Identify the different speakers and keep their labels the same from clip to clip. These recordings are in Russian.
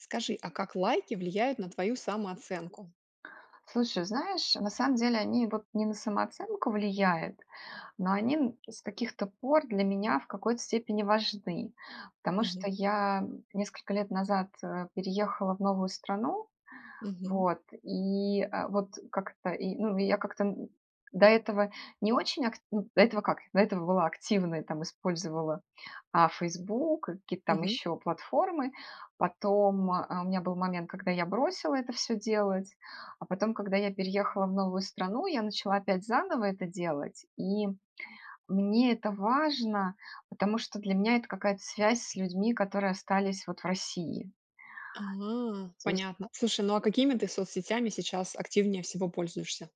Speaker 1: Скажи, а как лайки влияют на твою самооценку?
Speaker 2: Слушай, знаешь, на самом деле они вот не на самооценку влияют, но они н с каких-то пор для меня в какой-то степени важны, потому
Speaker 1: Мгм.
Speaker 2: что я несколько лет назад, э, переехала в новую страну,
Speaker 1: Мгм.
Speaker 2: вот, и, э, вот как-то, и, ну, и я как-то, м, до этого не очень акт м до этого как до этого была активной, там использовала, а, "Фейсбук", к какие-то там
Speaker 1: Мгм.
Speaker 2: ещё платформы. Потом, э, а у меня был момент, когда я бросила это всё делать, а потом, когда я переехала в новую страну, я начала опять заново это делать. И мне это важно, потому что для меня это какая-то связь с людьми, которые остались вот в России.
Speaker 1: А,
Speaker 2: То есть
Speaker 1: понятно. Слушай, ну, а какими ты соцсетями сейчас активнее всего пользуешься?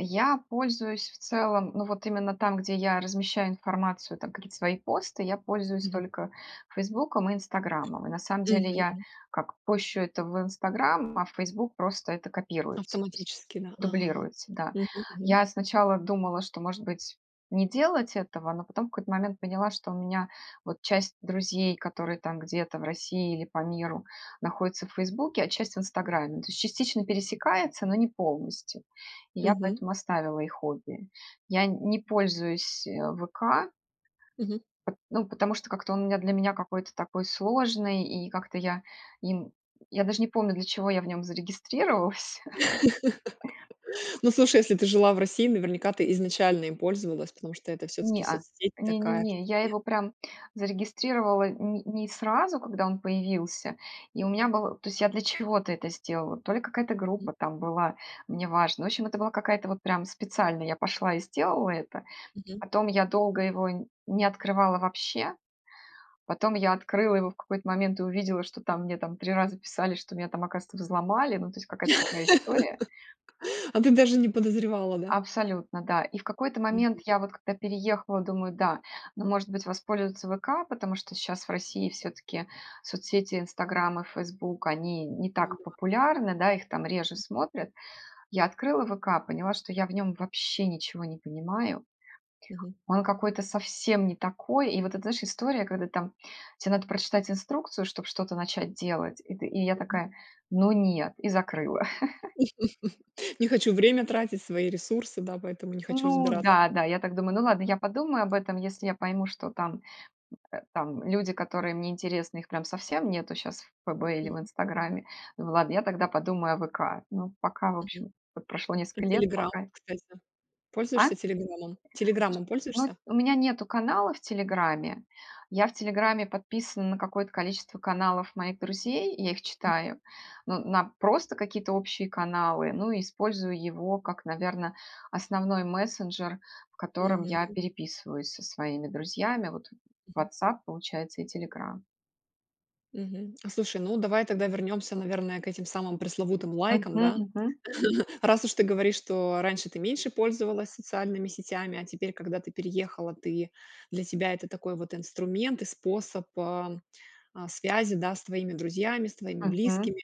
Speaker 2: Я пользуюсь в целом, ну, вот именно там, где я размещаю информацию, там какие-то свои посты, я пользуюсь
Speaker 1: Мгм.
Speaker 2: только "Фейсбуком" и "Инстаграмом". И на самом деле
Speaker 1: Мгм,
Speaker 2: я
Speaker 1: м.
Speaker 2: как пощу это в "Инстаграм", а в "Фейсбук" просто это копируется, то есть
Speaker 1: Автоматически, да, ага.
Speaker 2: дублируется. Да,
Speaker 1: Мгм мгм.
Speaker 2: я сначала думала, что, может быть, не делать этого. Но потом в какой-то момент поняла, что у меня вот часть друзей, которые там где-то в России или по миру находятся в "Фейсбуке", а часть в "Инстаграме", то есть частично пересекается, но не полностью. И я
Speaker 1: Мгм.
Speaker 2: поэтому оставила их обе. Я не пользуюсь, э, "ВК".
Speaker 1: Мгм.
Speaker 2: Ну, потому что как-то он для меня какой-то такой сложный. И как-то я им- я даже не помню, для чего я в нём зарегистрировалась.
Speaker 1: Ну, слушай, если ты жила в России, наверняка, ты изначально им пользовалась, потому что это всё-таки
Speaker 2: Неа,
Speaker 1: соцсеть
Speaker 2: не не
Speaker 1: такая, что
Speaker 2: не, я
Speaker 1: нет?
Speaker 2: его прям зарегистрировала ни не сразу, когда он появился, и у меня был то есть я для чего-то это сделала. То ли какая-то группа там была, мне важно. В общем, это была какая-то вот прям специально я пошла и сделала это.
Speaker 1: Мгм.
Speaker 2: Потом я долго его не открывала вообще. Потом я открыла его в какой-то момент и увидела, что там, мне там 3 раза писали, что меня там, оказывается, взломали. Ну, то есть, какая-то такая история.
Speaker 1: А ты даже не подозревала, да?
Speaker 2: Абсолютно, да. И в какой-то
Speaker 1: Мгм.
Speaker 2: момент я вот когда переехала, думаю: "Да, ну, может быть, воспользоваться 'ВК', потому что щас в России всё-таки соцсети 'Инстаграм' и 'Фейсбук' они не так
Speaker 1: М-да.
Speaker 2: популярны, да, их там реже смотрят". Я открыла "ВК", поняла, что я в нём вообще ничего не понимаю.
Speaker 1: Мгм.
Speaker 2: Он какой-то совсем не такой. И вот это, знаешь, история, когда там тебе надо прочитать инструкцию, чтоб что-то начать делать, и ты и я
Speaker 1: Мгм.
Speaker 2: такая: "Ну нет". И закрыла.
Speaker 1: Не хочу время тратить, свои ресурсы, да, поэтому не хочу
Speaker 2: Ну
Speaker 1: разбираться.
Speaker 2: да-да, я так думаю: "Ну, ладно, я подумаю об этом, если я пойму, что там, м, э, там люди, которые мне интересны, их прям совсем нету щас в 'ФБ' или в
Speaker 1: Мгм.
Speaker 2: 'Инстаграме'". Думаю: "Ладно, я тогда подумаю о 'ВК'". Ну, пока, в
Speaker 1: Мгм.
Speaker 2: общем, вот прошло
Speaker 1: Про
Speaker 2: несколько лет,
Speaker 1: "Телеграм",
Speaker 2: пока
Speaker 1: кстати. Пользуешься
Speaker 2: А?
Speaker 1: "Телеграмом"? "Телеграмом"
Speaker 2: [unintelligible] Ну,
Speaker 1: пользуешься?
Speaker 2: у меня нету канала в "Телеграме". Я в "Телеграме" подписана на какое-то количество каналов моих друзей, и я их
Speaker 1: Мгм.
Speaker 2: читаю. Но на просто какие-то общие каналы, ну, и использую его как, наверно, основной мессенджер, в котором я
Speaker 1: Мгм.
Speaker 2: переписываюсь со своими друзьями. Вот
Speaker 1: Мгм.
Speaker 2: "Ватсап", получается, и "Телеграм".
Speaker 1: Мгм. А слушай, ну давай тогда вернемся, наверное, к этим самым пресловутым лайкам,
Speaker 2: Мгм,
Speaker 1: да,
Speaker 2: мгм.
Speaker 1: раз уж ты говоришь, что раньше ты меньше пользовалась социальными сетями, а теперь, когда ты переехала, ты для тебя это такой вот инструмент и способ, а, а, связи, да, с твоими друзьями, с твоими
Speaker 2: Мгм.
Speaker 1: близкими.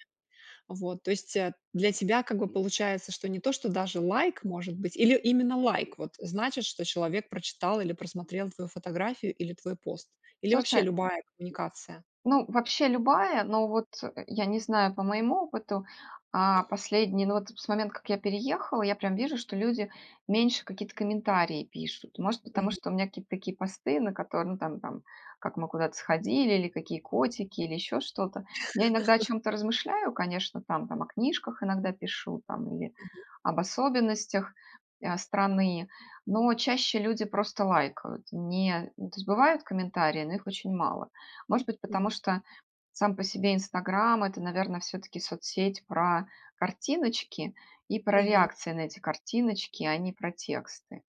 Speaker 1: Вот. То есть для тебя как бы получается, что не то что даже лайк может быть, или именно лайк вот значит, что человек прочитал или просмотрел твою фотографию или твой пост, или вообще
Speaker 2: Слушай
Speaker 1: любая коммуникация.
Speaker 2: Ну вообще любая, но вот, э, я не знаю, по моему опыту, а, последний- ну вот с момента как я переехала- я прям вижу, что люди меньше какие-то комментарии пишут. Может, потому
Speaker 1: Мгм.
Speaker 2: что у меня какие-то такие посты, на которы ну там там как мы куда-то сходили или какие котики или еще что-то. Я иногда о чём-то размышляю, конечно, там там о книжках иногда пишу там или
Speaker 1: Мгм.
Speaker 2: об особенностях, а, страны, но чаще люди просто лайкают. Не, ну то есть бывают комментарии, но их очень мало. Может быть,
Speaker 1: Мгм.
Speaker 2: потому что сам по себе "Инстаграм"- это, наверно, всё-таки соцсеть про картиночки и про
Speaker 1: Мгм.
Speaker 2: реакции на эти картиночки, а не про тексты.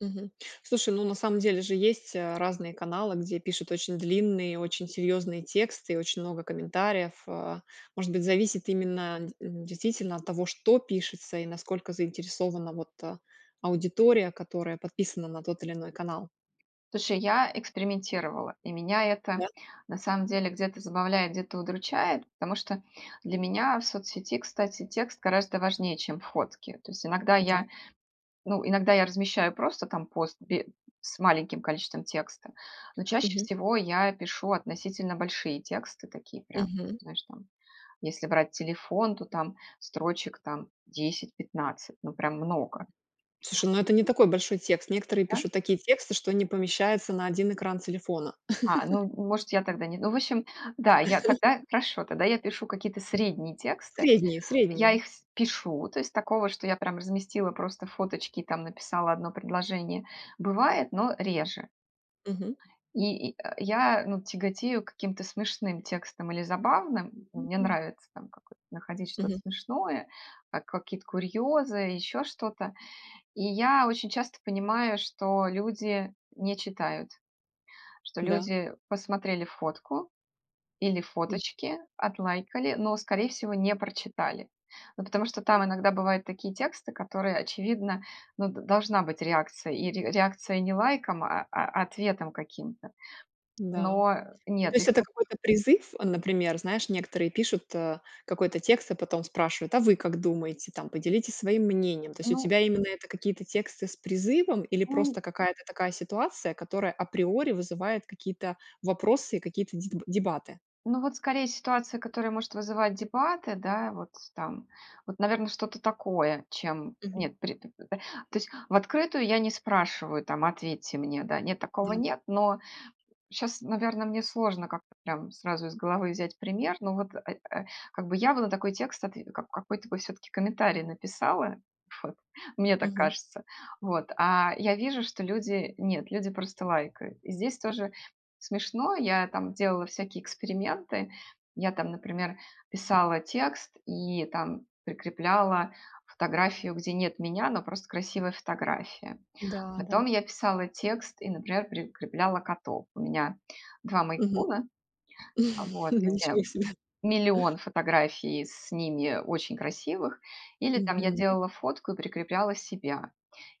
Speaker 1: Мгм. Слушай, ну, на самом деле же есть, а, разные каналы, где пишут очень длинные и очень серьезные тексты, и очень много комментариев, э, может быть, зависит именно д действительно от того, что пишется и насколько заинтересована вот, э, аудитория, которая подписана на тот или иной канал.
Speaker 2: Слушай, я экспериментировала, и меня это
Speaker 1: Да.
Speaker 2: на самом деле где-то забавляет, где-то удручает, потому что для меня в соцсети, кстати, текст гораздо важнее, чем фотки. То есть иногда
Speaker 1: Да.
Speaker 2: я ну, иногда я размещаю просто там пост бе с маленьким количеством текста, но чаще
Speaker 1: Мгм.
Speaker 2: всего я пишу относительно большие тексты, такие прям,
Speaker 1: Мгм.
Speaker 2: знаешь, там если брать телефон, то там строчек там 10-15, ну прям много.
Speaker 1: Слушай, ну это не такой большой текст. Некоторые
Speaker 2: Да.
Speaker 1: пишут такие тексты, что не помещаются на 1 экран телефона.
Speaker 2: А, ну, н может, я тогда не ну, в общем, да, я тогда хорошо, тогда я пишу какие-то средние тексты,
Speaker 1: Средние
Speaker 2: я
Speaker 1: средние.
Speaker 2: их в пишу, то есть такого, что я прям разместила просто фоточки и там написала 1 предложение. Бывает, но реже.
Speaker 1: Мгм.
Speaker 2: И и, э, я, ну, тяготею к каким-то смешным текстам или забавным. Мне нравится там какой-то находить что-то
Speaker 1: Мгм.
Speaker 2: смешное, как какие-то курьезы, еще что-то. И я очень часто понимаю, что люди не читают, что
Speaker 1: Да.
Speaker 2: люди посмотрели фотку или
Speaker 1: М.
Speaker 2: фоточки, отлайкали, но, скорее всего, не прочитали. Ну, потому что там иногда
Speaker 1: [unintelligible]
Speaker 2: бывают такие тексты, которые, очевидно, ну, д должна быть реакция, и р реакция не лайком, а а ответом каким-то,
Speaker 1: Да.
Speaker 2: но
Speaker 1: Ну, то
Speaker 2: нет
Speaker 1: есть
Speaker 2: их
Speaker 1: это
Speaker 2: по
Speaker 1: какой-то призыв, например, знаешь, некоторые пишут, э, какой-то текст и потом спрашивают: "А вы как думаете? Там поделитесь своим мнением". То есть у
Speaker 2: Ну
Speaker 1: тебя именно это какие-то тексты с призывом или
Speaker 2: Он
Speaker 1: просто какая-то такая ситуация, которая априори вызывает какие-то вопросы и какие-то деб дебаты?
Speaker 2: Ну, вот скорее ситуация, которая может вызывать дебаты, да, вот, там, вот, наверно, что-то такое, чем
Speaker 1: Мгм.
Speaker 2: нет, пр п то есть в открытую я не спрашиваю, там: "Ответьте мне", да. Нет, такого
Speaker 1: Да.
Speaker 2: нет, но щас, наверно, мне сложно как-то прям сразу из головы взять пример, ну вот, э, э, как бы я бы на такой текст, отв как какой-то бы всё-таки комментарий написала, мне так
Speaker 1: Мгм.
Speaker 2: кажется, вот, а я вижу, что люди нет, люди просто лайкают. И здесь тоже смешно, я там делала всякие эксперименты. Я там, например, писала текст и там прикрепляла фотографию, где нет меня, но просто красивая фотография.
Speaker 1: Да-да.
Speaker 2: Потом я писала текст и, например, прикрепляла котов. У меня 2
Speaker 1: Мгм.
Speaker 2: мейн-куна, вот,
Speaker 1: Ну,
Speaker 2: у меня
Speaker 1: ничего себе.
Speaker 2: миллион фотографий с ними очень красивых. Или там я
Speaker 1: Мгм.
Speaker 2: делала фотку и прикрепляла себя.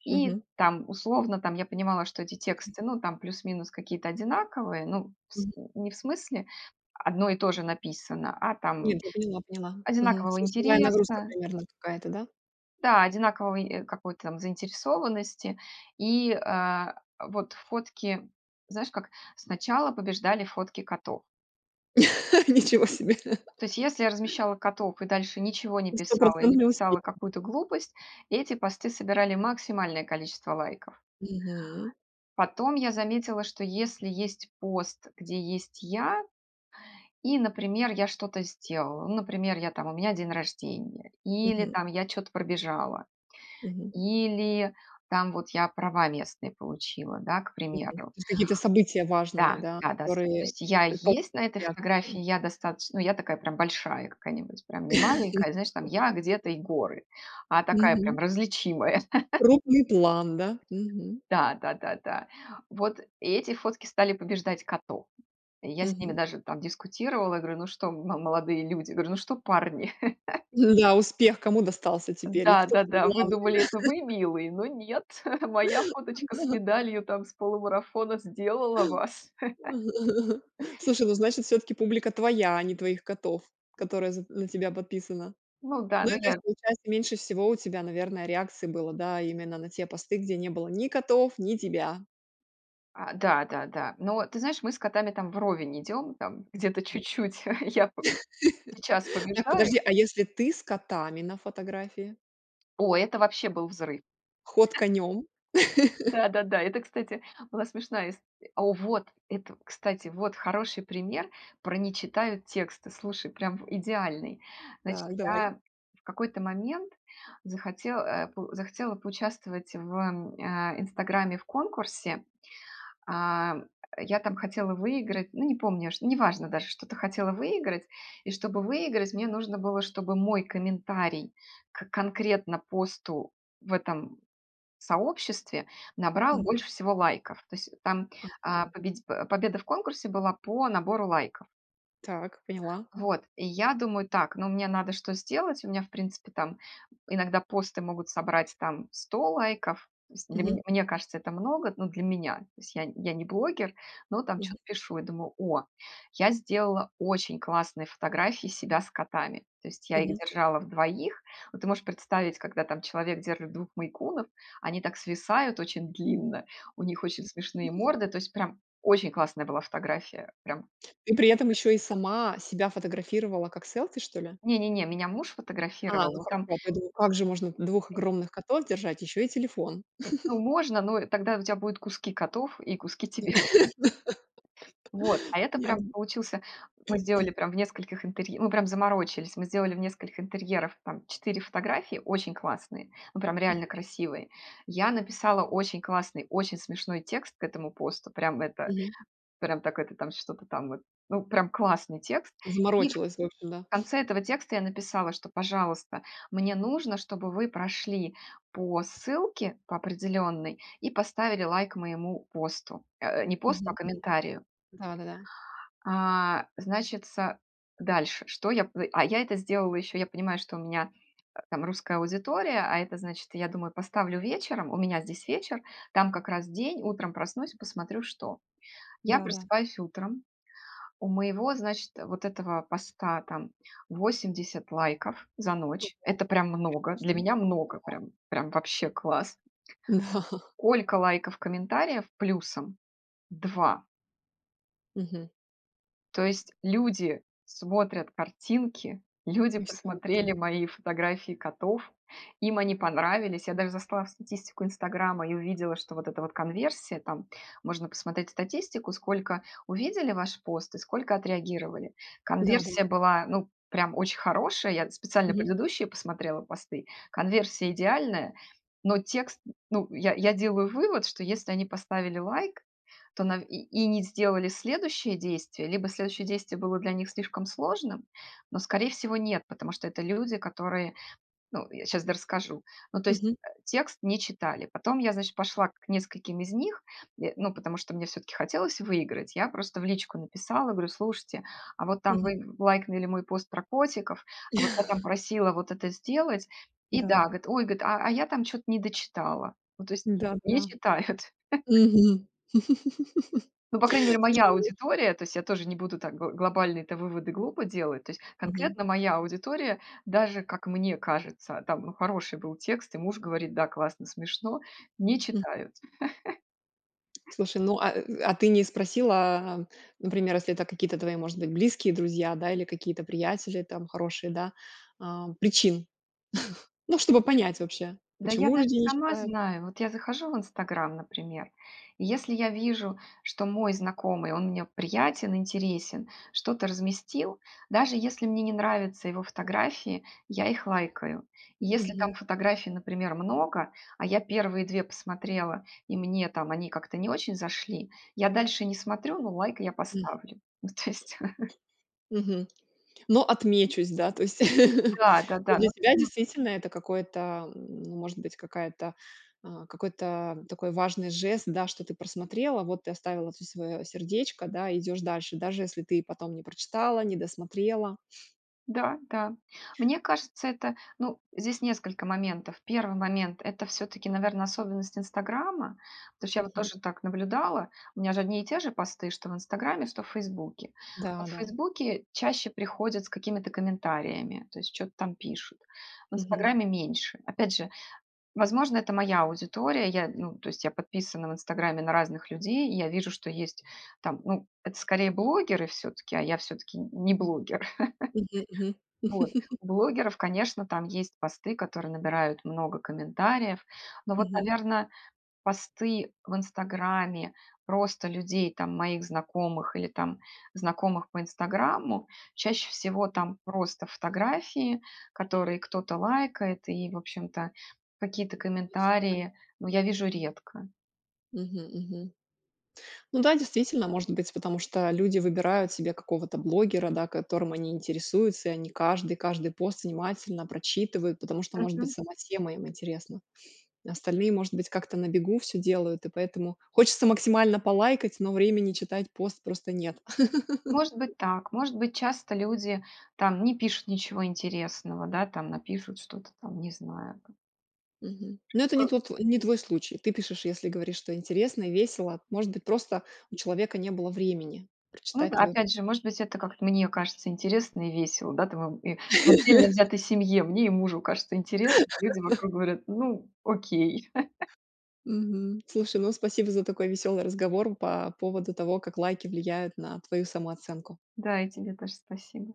Speaker 2: И
Speaker 1: Мгм.
Speaker 2: там, условно, там я понимала, что эти
Speaker 1: Хм.
Speaker 2: тексты, ну, там плюс-минус какие-то одинаковые, ну, с
Speaker 1: Мгм.
Speaker 2: не в смысле одно и то же написано, а там
Speaker 1: Нет, я поняла поняла, мгм,
Speaker 2: одинакового
Speaker 1: смысловая нагрузка
Speaker 2: интереса
Speaker 1: примерно какая-то, да?
Speaker 2: Да, одинакового и какой-то заинтересованности и, а, а вот фотки, знаешь, как сначала побеждали фотки котов.
Speaker 1: Ничего себе!
Speaker 2: То есть, если я размещала котов и дальше ничего не писала или
Speaker 1: Стопроцентный успех.
Speaker 2: писала какую-то глупость, эти посты собирали максимальное количество лайков.
Speaker 1: Мгм.
Speaker 2: Потом я заметила, что если есть пост, где есть я и, например, я что-то сделала, ну, например, я там у меня день рождения или
Speaker 1: Мгм.
Speaker 2: там я чё-то пробежала,
Speaker 1: Мгм.
Speaker 2: или там вот я права местные получила, да, к
Speaker 1: Мгм. То
Speaker 2: примеру.
Speaker 1: есть какие-то события важные,
Speaker 2: Да,
Speaker 1: да,
Speaker 2: да-да с То
Speaker 1: которые
Speaker 2: есть я
Speaker 1: предпо
Speaker 2: есть на этой
Speaker 1: реак
Speaker 2: фотографии, я достаточ ну, я такая прям большая какая-нибудь, прям не маленькая, знаешь, там я где-то и горы, а такая
Speaker 1: Мгм.
Speaker 2: прям, различимая.
Speaker 1: Крупный план, да, мгм.
Speaker 2: Да, да-да-да. Вот эти фотки стали побеждать котов. И я с ними
Speaker 1: Мгм.
Speaker 2: даже там дискутировала, говорю: "Ну что, м молодые люди?" Говорю: "Ну что, парни?"
Speaker 1: М-да, успех кому достался теперь, и
Speaker 2: Да,
Speaker 1: кто
Speaker 2: да-да. "Вы
Speaker 1: главный,
Speaker 2: думали, это
Speaker 1: да?
Speaker 2: вы милые, но нет! Моя
Speaker 1: А,
Speaker 2: фоточка с
Speaker 1: да.
Speaker 2: медалью там с полумарафона сделала вас!"
Speaker 1: Слушай, ну, значит, все-таки публика твоя, а не твоих котов, которая з на тебя подписана.
Speaker 2: Ну да,
Speaker 1: Ну и
Speaker 2: ну
Speaker 1: то
Speaker 2: я
Speaker 1: есть, получается, меньше всего у тебя, наверное, реакций было, да, именно на те посты, где не было ни котов, ни тебя.
Speaker 2: А, да-да-да. Но ты знаешь, мы с котами там вровень идем, там где-то чуть-чуть я п сейчас
Speaker 1: Так,
Speaker 2: побеждаю
Speaker 1: подожди, а если ты с котами на фотографии?
Speaker 2: О, это вообще был взрыв!
Speaker 1: Ход конём!
Speaker 2: Да-да-да, это, кстати, была смешная исто О, вот, это, кстати, вот хороший пример про не читают тексты. Слушай, прям в идеальный. Значит,
Speaker 1: Так, давай.
Speaker 2: я в какой-то момент захоте э, по захотела поучаствовать в, а, "Инстаграме" в конкурсе. А, я там хотела выиграть, ну, не помню, ш не важно даже, что-то хотела выиграть. И чтобы выиграть, мне нужно было, чтобы мой комментарий к конкретно посту в этом сообществе набрал
Speaker 1: Мгм.
Speaker 2: больше всего лайков, то есть там, а,
Speaker 1: Ага.
Speaker 2: победи а, победа в конкурсе была по набору лайков.
Speaker 1: Так, поняла.
Speaker 2: Вот. И я думаю: "Так, но мне надо что сделать?" У меня, в принципе, там иногда посты могут собрать там 100 лайков, с для
Speaker 1: Мгм.
Speaker 2: меня, мне кажется, это много, ну, для меня. То есть я я не блогер, но там
Speaker 1: Мгм.
Speaker 2: чё-то пишу и думаю: "О, я сделала очень классные фотографии себя с котами". То есть я их
Speaker 1: Мгм.
Speaker 2: держала в 2. Вот ты можешь представить, когда там человек держит 2 мейн-кунов, они так свисают очень длинно, у них очень смешные морды, то есть прям очень классная была фотография, прям
Speaker 1: И при этом еще и сама себя фотографировала как селфи, что ли?
Speaker 2: Не не не, меня муж
Speaker 1: А,
Speaker 2: фотографировал,
Speaker 1: ну,
Speaker 2: ну,
Speaker 1: хорошо.
Speaker 2: там
Speaker 1: А то я думаю, как же можно 2 огромных котов держать, ещё и телефон?
Speaker 2: Ну, можно, но, э, тогда у тебя будут куски котов и куски тебя. Вот, а это
Speaker 1: Понятно.
Speaker 2: прямо получился Мы сделали прям в нескольких интер мы прям заморочились! Мы сделали в нескольких интерьеров там 4 фотографии, очень классные, ну, прям
Speaker 1: Мгм.
Speaker 2: реально красивые. Я написала очень классный, очень смешной текст к этому посту, прям это,
Speaker 1: Мгм.
Speaker 2: прям так, это там что-то там, вот ну, прям классный текст. И в
Speaker 1: Заморочилась, в общем, да.
Speaker 2: конце этого текста я написала, что, пожалуйста, мне нужно, чтобы вы прошли по ссылке по определенной и поставили лайк моему посту, э, э, не посту, а
Speaker 1: Мгм мгм.
Speaker 2: комментарию.
Speaker 1: Да-да-да.
Speaker 2: А, значится, дальше что я п А я это сделала, еще я понимаю, что у меня, э, там русская аудитория, а это значит, я думаю, поставлю вечером, у меня здесь вечер, там как раз день, утром проснусь, посмотрю, что. Я
Speaker 1: Да-да.
Speaker 2: просыпаюсь утром, у моего, значит, вот этого поста там 80 лайков за ночь.
Speaker 1: Круто,
Speaker 2: Это прям много, для
Speaker 1: конечно,
Speaker 2: меня много,
Speaker 1: ага.
Speaker 2: прям прям вообще класс.
Speaker 1: Да.
Speaker 2: Сколько лайков, комментариев плюсом? 2.
Speaker 1: Мгм.
Speaker 2: То есть люди смотрят картинки, люди
Speaker 1: И всё это
Speaker 2: посмотрели мои фотографии котов, им они понравились. Я даже зашла в статистику "Инстаграма" и увидела, что вот эта вот конверсия- там можно посмотреть статистику, сколько увидели ваш пост и сколько отреагировали.
Speaker 1: Да-да.
Speaker 2: Конверсия была, ну, прям очень хорошая. Я специально
Speaker 1: Мгм.
Speaker 2: предыдущие посмотрела посты. Конверсия идеальная, но текст н ну, я я делаю вывод, что если они поставили лайк, то нав и и не сделали следующее действие, либо следующее действие было для них слишком сложным, но, скорее всего, нет, потому что это люди, которые, ну Я щас дорасскажу. Ну, то есть,
Speaker 1: Мгм.
Speaker 2: а, текст не читали. Потом я, значит, пошла к нескольким из них, е ну, потому что мне всё-таки хотелось выиграть. Я просто в личку написала, говорю: "Слушайте, а вот там
Speaker 1: Мгм.
Speaker 2: вы лайкнули мой пост про котиков, а вот я там просила вот это сделать". И да,
Speaker 1: Да.
Speaker 2: говорит: "Ой,- говорит,- а а я там че-то не дочитала". Ну то есть не
Speaker 1: Да-да-да.
Speaker 2: читают.
Speaker 1: Мгм.
Speaker 2: Ну, по крайней мере, моя
Speaker 1: [unintelligible]
Speaker 2: аудитория, то есть я тоже не буду так гл глобальные-то выводы глупо делать, то есть
Speaker 1: Мгм.
Speaker 2: конкретно моя аудитория даже, как мне кажется, там, ну, хороший был текст, и муж говорит: "Да, классно, смешно", не
Speaker 1: М.
Speaker 2: читают.
Speaker 1: Слушай, ну, а, э, а ты не спросила, а, например, если это какие-то твои, может быть, близкие друзья, да, или какие-то приятели там хорошие, да, ам, причин, ну, чтобы
Speaker 2: [unintelligible]
Speaker 1: понять вообще,
Speaker 2: ,да я
Speaker 1: почему
Speaker 2: даже
Speaker 1: люди не
Speaker 2: сама
Speaker 1: читают?
Speaker 2: знаю! Вот я захожу в "Инстаграм", например, и если я вижу, что мой знакомый- он мне приятен, интересен- что-то разместил, даже если мне не нравятся его фотографии, я их лайкаю. Если
Speaker 1: Мгм.
Speaker 2: там фотографий, например, много, а я первые 2 посмотрела и мне там они как-то не очень зашли, я дальше не смотрю, но лайк я
Speaker 1: М.
Speaker 2: поставлю. Ну то есть
Speaker 1: Мгм, но отмечусь, да, то есть.
Speaker 2: Да, да-да. Ну,
Speaker 1: Для
Speaker 2: то
Speaker 1: тебя
Speaker 2: есть ма
Speaker 1: действительно это какой-то, м, ну, может быть, какая-то, а, какой-то, м, такой важный жест, да, что ты просмотрела, вот ты оставила тут свое сердечко, да, идешь дальше, даже если ты потом не прочитала, не досмотрела.
Speaker 2: Да, да. Мне кажется, это, ну, здесь несколько моментов. 1 момент- это всё-таки, наверно, особенность "Инстаграма", потому что я вот
Speaker 1: Мгм.
Speaker 2: тоже так наблюдала. У меня же одни и те же посты, что в "Инстаграме", что в "Фейсбуке".
Speaker 1: Да,
Speaker 2: Вот в
Speaker 1: да.
Speaker 2: "Фейсбуке" чаще приходят с какими-то комментариями, то есть чё-то там пишут. В
Speaker 1: Мгм.
Speaker 2: "Инстаграме" меньше. Опять же, возможно, это моя аудитория. Я, ну, то есть я подписана в "Инстаграме" на разных людей, и я вижу, что есть там- ну, это скорее блогеры всё-таки, а я всё-таки нь не блогер.
Speaker 1: Мгм мгм.
Speaker 2: Вот. У блогеров, конечно, там есть посты, которые набирают много комментариев. Но вот,
Speaker 1: Мгм.
Speaker 2: наверно, посты в "Инстаграме" просто людей, там, моих знакомых или там знакомых по "Инстаграму"- чаще всего там просто фотографии, которые кто-то лайкает, и, в общем-то, какие-то
Speaker 1: И всё. [unintelligible]
Speaker 2: комментарии, ну, я вижу редко.
Speaker 1: Мгм мгм. Ну да, действительно, может быть, потому что люди выбирают себе какого-то блогера, да, которым они интересуются, и они каждый каждый пост внимательно прочитывают, потому что, может быть,
Speaker 2: Мгм.
Speaker 1: сама тема им интересна. Остальные, может быть, как-то на бегу всё делают, и поэтому хочется максимально полайкать, но времени читать пост просто нет.
Speaker 2: Может быть, так. Может быть, часто люди там не пишут ничего интересного, да, там, напишут что-то там, не знаю, к
Speaker 1: Мгм. Но это
Speaker 2: Э
Speaker 1: не твот не твой случай, ты пишешь, если говоришь, что интересно и весело, может быть, просто у человека не было времени
Speaker 2: Ну
Speaker 1: прочитать
Speaker 2: да,
Speaker 1: твою
Speaker 2: опять же, может быть, это, как мне кажется, интересно и весело. Да, там в и в отдельно взятой семье мне и мужу кажется интересно, а люди вокруг говорят: "Ну, окей".
Speaker 1: Мгм. Слушай, ну, спасибо за такой веселый разговор по поводу того, как лайки влияют на твою самооценку.
Speaker 2: Да, и тебе тоже спасибо.